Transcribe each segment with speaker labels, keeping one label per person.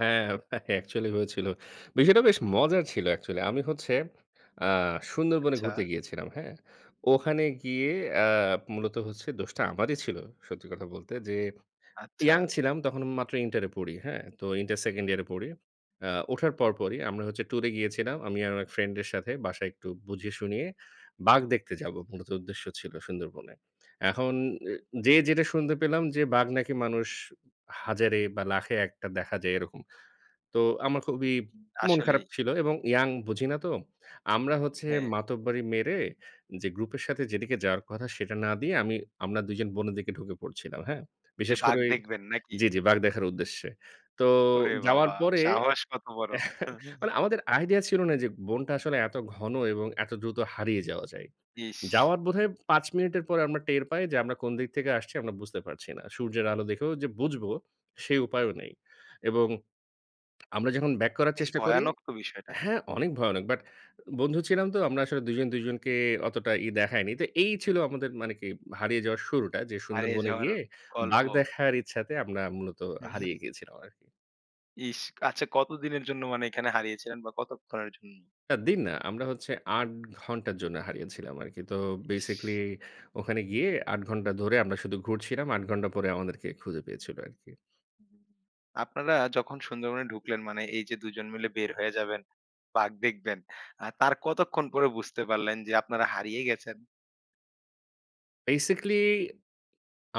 Speaker 1: হ্যাঁ, অ্যাকচুয়ালি হয়েছিল। বিষয়টা বেশ মজার ছিল অ্যাকচুয়ালি। আমি হচ্ছে আ সুন্দরবনে
Speaker 2: আচ্ছা।
Speaker 1: ঘুরতে গিয়েছিলাম, হ্যাঁ?
Speaker 2: হুম।
Speaker 1: ওখানে গিয়ে অ্যা মূলত দোষটা আমারই ছিল সত্যি কথা বলতে। যে,
Speaker 2: আচ্ছা।
Speaker 1: ইয়ং ছিলাম তখন মাত্র ইন্টার এ পড়ি, হ্যাঁ? তো ইন্টার 2nd ইয়ারে পড়ি। অ্যা ওঠার পর পরই আমরা হচ্ছে টুরে গিয়েছিলাম। আমি আর আমার ফ্রেন্ড এর সাথে বাসায় একটু বুঝিয়ে-শুনিয়ে। বাঘ দেখতে যাবো মূলত উদ্দেশ্য ছিল সুন্দরবনে। এখন এ যে, যেটা শুনতে পেলাম যে, বাঘ নাকি মানুষ হাজারে বা লাখে একটা দেখা যায় এরকম। তো আমার খুবই
Speaker 2: উম
Speaker 1: মন খারাপ
Speaker 2: আসলেই।
Speaker 1: ছিল এবং ইয়ং, বুঝি না তো। আমরা হচ্ছে
Speaker 2: হ্যাঁ।
Speaker 1: মাতব্বাড়ি মেরে যে, গ্রুপের সাথে যেদিকে যাওয়ার কথা সেটা না দিয়ে, আমি আমরা দুইজন বোনের দিকে ঢুকে পড়ছিলাম, হ্যাঁ?
Speaker 2: যে,
Speaker 1: বিশেষ করে
Speaker 2: বাঘ
Speaker 1: ওই
Speaker 2: দেখবেন নাকি?
Speaker 1: জি, জি, বাঘ
Speaker 2: হুম।
Speaker 1: দেখার উদ্দেশ্যে। তো
Speaker 2: ওরে
Speaker 1: যাওয়ার
Speaker 2: বাবা,
Speaker 1: পরে
Speaker 2: সাহস কত বড়?
Speaker 1: মানে আমাদের আইডিয়া ছিল না যে, বনটা আসলে এত ঘন এবং এত দ্রুত হারিয়ে যাওয়া যায়।
Speaker 2: ইস!
Speaker 1: যাওয়ার বোধহয় ৫ মিনিটের পর আমরা টের পাই যে, আমরা কোন দিক থেকে আসছি আমরা বুঝতে পারছি না। সূর্যের আলো দেখেও যে, বুঝব, সেই উপায়ও নেই। এবং আমরা যখন ব্যাক করার
Speaker 2: বেশ
Speaker 1: চেষ্টা করি,
Speaker 2: ভয়ানক তো বিষয়টা।
Speaker 1: হ্যাঁ, অনেক ভয়ানক বাট বন্ধু ছিলাম তো, আমরা আসলে দুজন দুজনকে অতটা ই দেখাইনি। তো এই ছিল আমাদের মানে কি হারিয়ে যাওয়ার শুরুটা, যে,
Speaker 2: হারিয়ে
Speaker 1: সুন্দরবনে
Speaker 2: যাওয়ার
Speaker 1: গিয়ে
Speaker 2: গল্প।
Speaker 1: বাঘ দেখার ইচ্ছাতে আমরা মূলত হারিয়ে গিয়েছিলাম আরকি।
Speaker 2: ইস! আচ্ছা কত দিনের জন্য মানে এখানে হারিয়েছিলেন বা কতক্ষণের জন্য?
Speaker 1: না দিন না। আমরা হচ্ছে ৮ ঘণ্টার জন্য হারিয়েছিলাম আরকি। তো বেসিক্যালি
Speaker 2: ইস!
Speaker 1: ওখানে গিয়ে ৮ ঘণ্টা ধরে আমরা শুধু ঘুরছিলাম, ৮ ঘণ্টা পরে আমাদেরকে খুঁজে পেয়েছিল আরকি।
Speaker 2: আপনারা যখন সুন্দরবনে ঢুকলেন মানে এই যে, দুজন মিলে বের হয়ে যাবেন, বাঘ দেখবেন। আ তার কতক্ষণ পরে বুঝতে পারলেন যে, আপনারা হারিয়ে গেছেন?
Speaker 1: বেসিক্যালি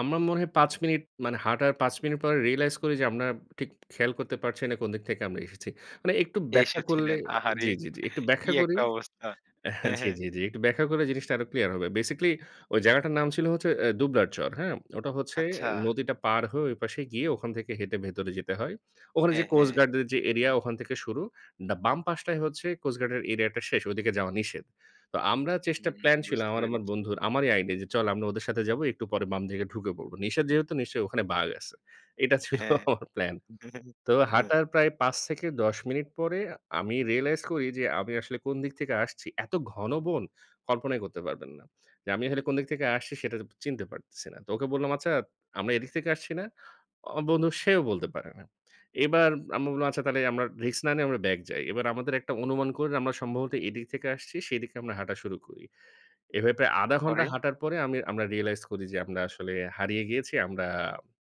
Speaker 1: আমার মনে হয় ৫ মিনিট মানে হাঁটার ৫ মিনিট পরে রিয়ালাইজ করি যে, আপনারা ঠিক খেয়াল করতে পারছি না কোন দিক থেকে আমরা এসেছি। মানে একটু ব্যাখ্যা করলে
Speaker 2: এসেছিলেন। আহারে!
Speaker 1: জি, জি, জি, একটু
Speaker 2: কি
Speaker 1: ব্যাখ্যা করি?
Speaker 2: একটা অবস্থা।
Speaker 1: হ্যাঁ,
Speaker 2: হ্যাঁ,
Speaker 1: জি,
Speaker 2: হ্যাঁ।
Speaker 1: জি, জি। একটু ব্যাখ্যা করলে জিনিসটা আরো ক্লিয়ার হবে। বেসিক্যালি ওই জায়গাটার নাম ছিল হচ্ছে অ্যা দুবলার চর, হ্যাঁ? ওটা হচ্ছে
Speaker 2: আচ্ছা।
Speaker 1: নদীটা পার হয়ে ওইপাশে গিয়ে ওখান থেকে হেঁটে ভেতরে যেতে হয়। ওখানে যে,
Speaker 2: হ্যাঁ,
Speaker 1: কোস্ট
Speaker 2: হ্যাঁ।
Speaker 1: গার্ডদের যে, এরিয়া ওখান থেকে শুরু। দা বাম পাশটায় হচ্ছে কোস্ট গার্ডের এরিয়া টা শেষ, ঐদিকে যাওয়া নিষেধ। তো আমরা চেষ্টা
Speaker 2: হুম,
Speaker 1: প্ল্যান ছিল
Speaker 2: বুঝতে
Speaker 1: আমার, আমার
Speaker 2: পেরেছি।
Speaker 1: বন্ধুর। আমারই আইডিয়া যে, চল আমরা ওদের সাথে যাবো, একটু পরে বাম দিকে ঢুকে পড়ব। নিষেধ যেহেতু নিশ্চয়ই ওখানে বাঘ আছে। এইটা ছিল
Speaker 2: হ্যাঁ।
Speaker 1: আমার প্ল্যান। তো হাঁটার প্রায় ৫ থেকে ১০ মিনিট পরে আমি রিয়ালাইজ করি যে, আমি আসলে কোন দিক থেকে আসছি, এত ঘন বন কল্পনাই করতে পারবেন না। যে, আমি আসলে কোন দিক থেকে আসছি সেটা চিনতে পারতেছি না। তো ওকে বললাম "আচ্ছা আমরা এদিক থেকে আসছি না?" অ বন্ধু সেও বলতে পারে না। এবার আমরা বললাম আচ্ছা তাহলে আমরা রিস্ক না নিয়ে আমরা ব্যাক যাই। এবার আমাদের একটা অনুমান করে নি আমরা সম্ভবত এদিক থেকে আসছি, সেদিকে আমরা হাঁটা শুরু করি। এভাবে প্রায় ১/২ ঘন্টা
Speaker 2: পরে?
Speaker 1: হাঁটার পরে আমি আমরা রিয়ালাইজ করি যে, আমরা আসলে হারিয়ে গিয়েছি। আমরা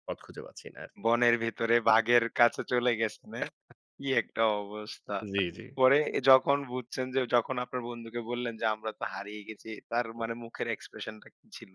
Speaker 1: পথ খুঁজে পাচ্ছি না আরকি।
Speaker 2: বনের ভেতরে বাঘের কাছে চলে গেছেন, হ্যাঁ? কি একটা অবস্থা।
Speaker 1: জি,
Speaker 2: উম
Speaker 1: জি।
Speaker 2: পরে যখন বুঝছেন যে, যখন আপনার বন্ধুকে বললেন যে, "আমরা তো হারিয়ে গেছি" তার
Speaker 1: হুম।
Speaker 2: মানে মুখের expression টা কি ছিল?